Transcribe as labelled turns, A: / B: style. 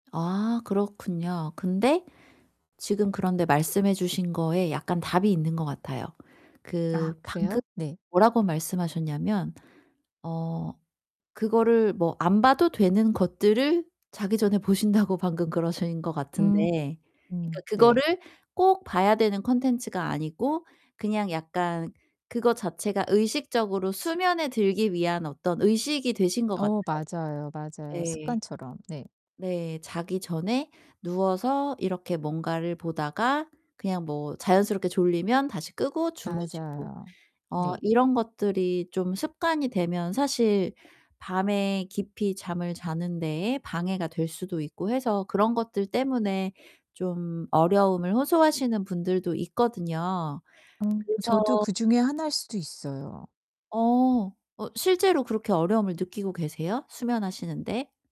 A: 아 그렇군요. 근데 지금 그런데 말씀해 주신 거에 약간 답이 있는 것 같아요.
B: 아
A: 그 방금
B: 그래요? 네.
A: 뭐라고 말씀하셨냐면 어 그거를 뭐 안 봐도 되는 것들을 자기 전에 보신다고 방금 그러신 것
B: 음
A: 같은데 그러니까
B: 음 네.
A: 그거를 꼭 봐야 되는 콘텐츠가 아니고 그냥 약간 그거 자체가 의식적으로 수면에 들기 위한 어떤 의식이 되신 것 같아요.
B: 어 맞아요, 맞아요.
A: 네.
B: 습관처럼. 네.
A: 네. 자기 전에 누워서 이렇게 뭔가를 보다가 그냥 뭐 자연스럽게 졸리면 다시 끄고 주무시고
B: 맞아요.
A: 어
B: 네.
A: 이런 것들이 좀 습관이 되면 사실 밤에 깊이 잠을 자는 데에 방해가 될 수도 있고 해서 그런 것들 때문에 좀 어려움을 호소하시는 분들도 있거든요.
B: 음 저도
A: 그래서
B: 그중에 하나일 수도 있어요.
A: 어. 어 실제로 그렇게 어려움을 느끼고 계세요 수면하시는 데?